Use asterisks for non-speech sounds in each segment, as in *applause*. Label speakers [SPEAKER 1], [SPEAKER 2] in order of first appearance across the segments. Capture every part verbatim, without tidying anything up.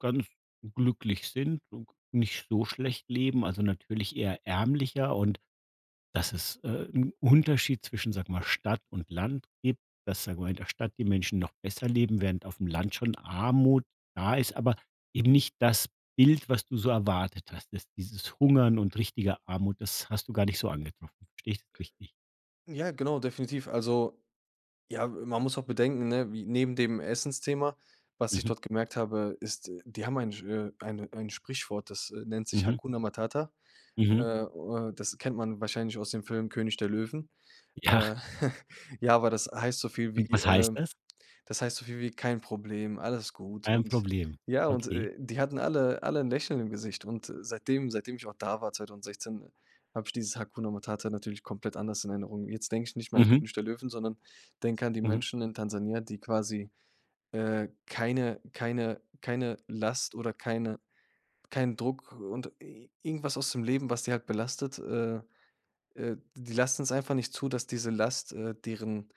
[SPEAKER 1] Ganz glücklich sind und nicht so schlecht leben, also natürlich eher ärmlicher und dass es, äh, 'n Unterschied zwischen, sag mal, Stadt und Land gibt, dass, sagen wir mal, in der Stadt die Menschen noch besser leben, während aufm Land schon Armut da ist, aber eben nicht das Bild, was du so erwartet hast. Das dieses Hungern und richtige Armut, das hast du gar nicht so angetroffen. Verstehe ich das richtig?
[SPEAKER 2] Ja, genau, definitiv. Also ja, äh, man muss auch bedenken, ne, wie neben dem Essensthema, was ich
[SPEAKER 1] Mhm.
[SPEAKER 2] dort gemerkt habe, ist, die haben ein, äh eine ein Sprichwort, das, äh, nennt sich:
[SPEAKER 1] Mhm.
[SPEAKER 2] „Hakuna Matata.“ Äh
[SPEAKER 1] Mhm.
[SPEAKER 2] äh, das kennt man wahrscheinlich aus dem Film König der Löwen.
[SPEAKER 1] Ja.
[SPEAKER 2] Äh, *chuckles* ja, aber das heißt so viel
[SPEAKER 1] Und
[SPEAKER 2] wie,
[SPEAKER 1] was heißt
[SPEAKER 2] ähm
[SPEAKER 1] das?
[SPEAKER 2] das heißt so viel wie: „Kein Problem, alles gut,“
[SPEAKER 1] Ein
[SPEAKER 2] und
[SPEAKER 1] Problem.
[SPEAKER 2] ja, und,
[SPEAKER 1] Okay.
[SPEAKER 2] äh, die hatten alle alle 'n Lächeln im Gesicht und, äh, seitdem seitdem ich auch da war, zweitausendsechszehn, habe ich dieses Hakuna Matata natürlich komplett anders in Erinnerung. Jetzt denke ich nicht mehr an
[SPEAKER 1] Mhm.
[SPEAKER 2] König der Löwen, sondern denke an die
[SPEAKER 1] Mhm.
[SPEAKER 2] Menschen in Tansania, die quasi, äh, keine keine keine Last oder keine keinen Druck und i irgendwas aus dem Leben, was die halt belastet, äh äh, die lassen's einfach nicht zu, dass diese Last, äh, deren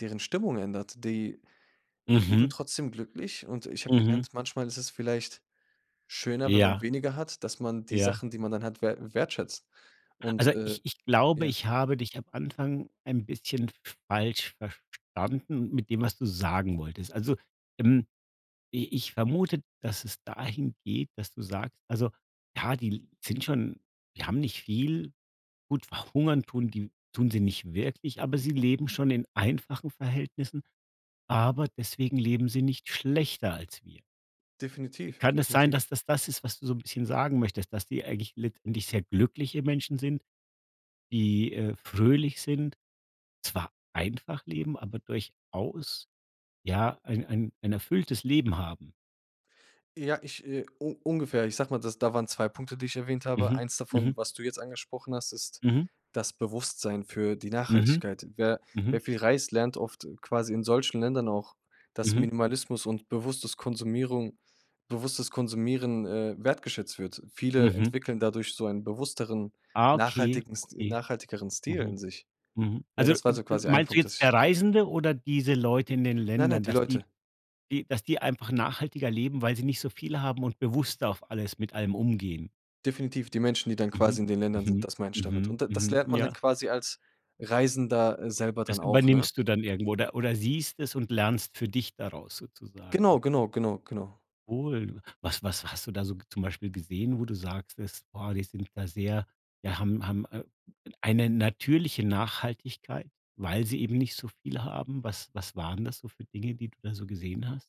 [SPEAKER 2] deren Stimmung ändert. Die leben
[SPEAKER 1] Mhm.
[SPEAKER 2] trotzdem glücklich und ich habe
[SPEAKER 1] Mhm.
[SPEAKER 2] gelernt, manchmal ist es vielleicht schöner, wenn man
[SPEAKER 1] Ja.
[SPEAKER 2] weniger hat, dass man die
[SPEAKER 1] Ja.
[SPEAKER 2] Sachen, die man dann hat, wert wertschätzt. Und,
[SPEAKER 1] Also,
[SPEAKER 2] äh,
[SPEAKER 1] ich ich glaube,
[SPEAKER 2] ja.
[SPEAKER 1] ich habe dich am Anfang ein bisschen falsch verstanden mit dem, was du sagen wolltest. Also, ähm, i ich vermute, dass es dahin geht, dass du sagst also, ja, die sind schon die haben nicht viel. Gut, verhungern tun die tun sie nicht wirklich, aber sie leben schon in einfachen Verhältnissen, aber deswegen leben sie nicht schlechter als wir.
[SPEAKER 2] Definitiv,
[SPEAKER 1] Kann es sein,
[SPEAKER 2] definitiv.
[SPEAKER 1] dass das das ist, was du so bisschen sagen möchtest, dass die eigentlich letztendlich sehr glückliche Menschen sind, die, äh, fröhlich sind, zwar einfach leben, aber durchaus ja, ein ein ein erfülltes Leben haben?
[SPEAKER 2] Ja, ich, äh, un ungefähr, ich sage mal, das da waren zwei Punkte, die ich erwähnt habe.
[SPEAKER 1] Mhm,
[SPEAKER 2] eins
[SPEAKER 1] mhm.
[SPEAKER 2] davon, was du jetzt angesprochen hast, ist
[SPEAKER 1] Mhm.
[SPEAKER 2] das Bewusstsein für die
[SPEAKER 1] Mhm.
[SPEAKER 2] Nachhaltigkeit. Wer
[SPEAKER 1] Mhm.
[SPEAKER 2] wer viel reist, lernt oft, äh, quasi in solchen Ländern auch, dass
[SPEAKER 1] Mhm.
[SPEAKER 2] Minimalismus und bewusstes Konsumierung bewusstes Konsumieren, äh, wertgeschätzt wird. Viele
[SPEAKER 1] Mhm.
[SPEAKER 2] entwickeln dadurch so ein bewussteren,
[SPEAKER 1] Ah, okay,
[SPEAKER 2] nachhaltigenst
[SPEAKER 1] okay.
[SPEAKER 2] nachhaltigeren Stil
[SPEAKER 1] Mhm.
[SPEAKER 2] in sich.
[SPEAKER 1] Mhm.
[SPEAKER 2] Ja,
[SPEAKER 1] Also,
[SPEAKER 2] das war
[SPEAKER 1] äh,
[SPEAKER 2] so quasi ein
[SPEAKER 1] meinst du
[SPEAKER 2] Punkt,
[SPEAKER 1] jetzt
[SPEAKER 2] dass
[SPEAKER 1] der
[SPEAKER 2] ich
[SPEAKER 1] Reisende oder diese Leute in den
[SPEAKER 2] Nein, nein,
[SPEAKER 1] Ländern,
[SPEAKER 2] die
[SPEAKER 1] dass die
[SPEAKER 2] Leute.
[SPEAKER 1] die dass die einfach nachhaltiger leben, weil sie nicht so viel haben und bewusster auf alles mit allem umgehen?
[SPEAKER 2] Definitiv die Menschen, die dann
[SPEAKER 1] Mhm.
[SPEAKER 2] quasi in den Ländern sind,
[SPEAKER 1] Mhm.
[SPEAKER 2] das meine ich damit.
[SPEAKER 1] Mhm.
[SPEAKER 2] Und und das
[SPEAKER 1] Mhm.
[SPEAKER 2] lernt man dann
[SPEAKER 1] Ja.
[SPEAKER 2] quasi als Reisender, äh, selber dann
[SPEAKER 1] Das
[SPEAKER 2] auch, ne?
[SPEAKER 1] übernimmst du dann irgendwo oder oder siehst es und lernst für dich daraus sozusagen.
[SPEAKER 2] Genau, genau, genau, genau.
[SPEAKER 1] Wohl. Was was hast du da so zum Beispiel gesehen, wo du sagst das: „Boah, die sind da sehr ja, haben haben, äh, eine natürliche Nachhaltigkeit, weil sie eben nicht so viel haben?“ Was was waren das so für Dinge, die du da so gesehen hast?